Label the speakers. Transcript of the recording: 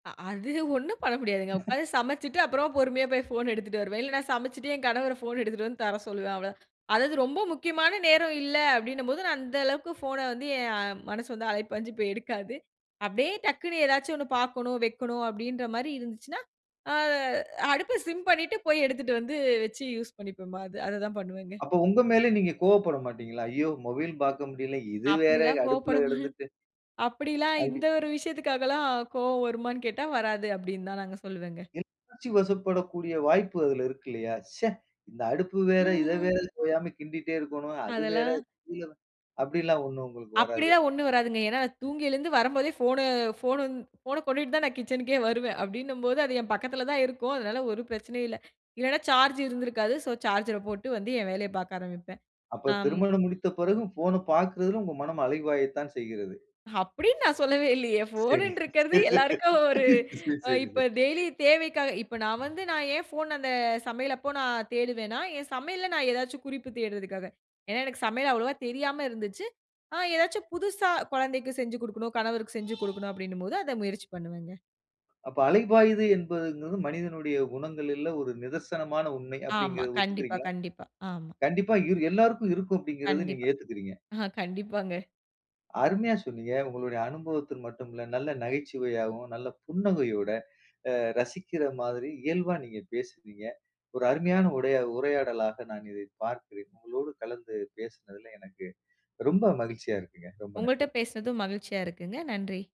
Speaker 1: அ அது ஒண்ணும் பண்ண முடியாதுங்க, உட்கார்ந்து சமைச்சுட்டு, அப்புறம் பொறுமையா போய் ஃபோன் எடுத்துட்டு வருவேன், இல்ல நான் சமைச்சுட்டு என் கணவர ஃபோன் எடுத்துட்டு வந்து தர சொல்லுவேன். அவ்வளோதான், அதாவது ரொம்ப முக்கியமான நேரம் இல்ல அப்படின்னும்போது, நான் அந்த அளவுக்கு ஃபோன வந்து என் மனசு வந்து அலைபாஞ்சு போய் எடுக்காது. அப்படியே டக்குனு ஏதாச்சும் 1 பார்க்கணும், வைக்கணும் அப்படின்ற மாரி இருந்துச்சுன்னா, ஆ அடுப்ப சிம் பண்ணிட்டு போய் எடுத்துட்டு வந்து வச்சு, யூஸ் பண்ணிப்போமே! அது அத தான் பண்ணுவேங்க.
Speaker 2: அப்போ உங்க மேல நீங்க கோவப்பட மாட்டீங்களா? ஐயோ! மொபைல் பார்க்க முடியல, இது வேறு
Speaker 1: அப்படில்லாம்
Speaker 2: அடுப்பில
Speaker 1: கோவப்படமா
Speaker 2: கிடந்திட்டு
Speaker 1: அப்படில்லாம்
Speaker 2: அப்டி.
Speaker 1: இந்த ஒரு விஷயத்திற்காகலாம் கோவம் வருமானு கேட்டா, வராது அப்படினு தாங்க நான் சொல்லுவேங்க.
Speaker 2: உணர்ச்சி வசப்படக்கூடிய வாய்ப்பு அதில இருக்கு இல்லையா? "ச்சே! இந்த அடுப்பு வேற, இத வேற
Speaker 1: ம்ஹம்.
Speaker 2: ஓயாம கிண்டிட்டே இருக்கனும்," அது வேற
Speaker 1: அதெல்லாம்
Speaker 2: [unintelligible] அப்படில்லாம் ஒண்ணும் உங்களுக்கு வராது?
Speaker 1: அப்டில்லாம் ஒண்ணும் வராதுங்க, ஏனா நான் தூங்கி எழுந்து வரம்போதே போன போன் போன கொண்டுட்டு தான் நான் கிச்சன்க்கே வருவேன், அப்படினும்போது அது என் பக்கத்தில தான் இருக்கும், அதனால ஒரு பிரச்சனையும் இல்ல, இல்லனா சார்ஜ் இருந்திருக்காது, ஸோ சார்ஜர போட்டு வந்து என் வேலையபார்க்க ஆரம்பிப்பேன்.
Speaker 2: அப்ப
Speaker 1: ஆம்
Speaker 2: திருமணம் முடித்த பிறகு போன பார்க்கிறதில உங்க மனம் அலைபாயத்தான் செய்கிறது.
Speaker 1: அப்படினு நான் சொல்லவே இல்லையே, ஃபோன்னு
Speaker 2: சரி
Speaker 1: இருக்றது எல்லாருக்கும் ஒரு
Speaker 2: சரி சரி
Speaker 1: இப்போ
Speaker 2: சரி.
Speaker 1: டெய்லி தேவைக்காக இப்ப நான் வந்து நான் ஏன் போன், அந்த சமையல் அப்போ நான் தேடுவேனா, என் சமையலில நான் ஏதாச்சு குறிப்பு தேடுறதற்காக, ஏனா எனக்கு சமையல் அவ்வளவா தெரியாம இருந்துச்சு, ஆ ஏதாச்சும் புதுசா கொழந்தைக்கு செஞ்சு குடுக்கணும், கணவருக்கு செஞ்சு கொடுக்கணும், அப்படினும் போது அத முயற்சி பண்ணுவேங்க.
Speaker 2: அப்ப அலைபாயுது என்பதுங்கிறது, மனிதனுடைய குணங்களில ஒரு நிதர்சனமான உண்மை
Speaker 1: ஆமா
Speaker 2: அப்படின்கிறதை
Speaker 1: கண்டிப்பா,
Speaker 2: ஒத்துக்கிறீங்களா?
Speaker 1: கண்டிப்பா ஆமா.
Speaker 2: கண்டிப்பா இரு எல்லாருக்கும் இருக்கும், அப்படிங்கிறத நீங்க
Speaker 1: கண்டிப்பா.
Speaker 2: ஏத்துக்கிறீங்க.
Speaker 1: கண்டிப்பாங்க.
Speaker 2: அருமையா சொன்னீங்க, உங்களுடைய அனுபவத்த மட்டும் இல்ல, நல்ல நகைச்சுவையாகவும், நல்ல புன்னகையோட அ ரசிக்கிற மாதிரி இயல்பா நீங்க பேசுனீங்க, ஒரு அருமையான உடை உரையாடலாக நான் இதை பார்க்கிறேன். உங்களோடு கலந்து பேசினதில எனக்கு ரொம்ப மகிழ்ச்சியா இருக்குங்க, ரொம்ப
Speaker 1: உங்கள்ட்ட
Speaker 2: நன்றி!
Speaker 1: பேசுனதும் மகிழ்ச்சியா இருக்குங்க. நன்றி!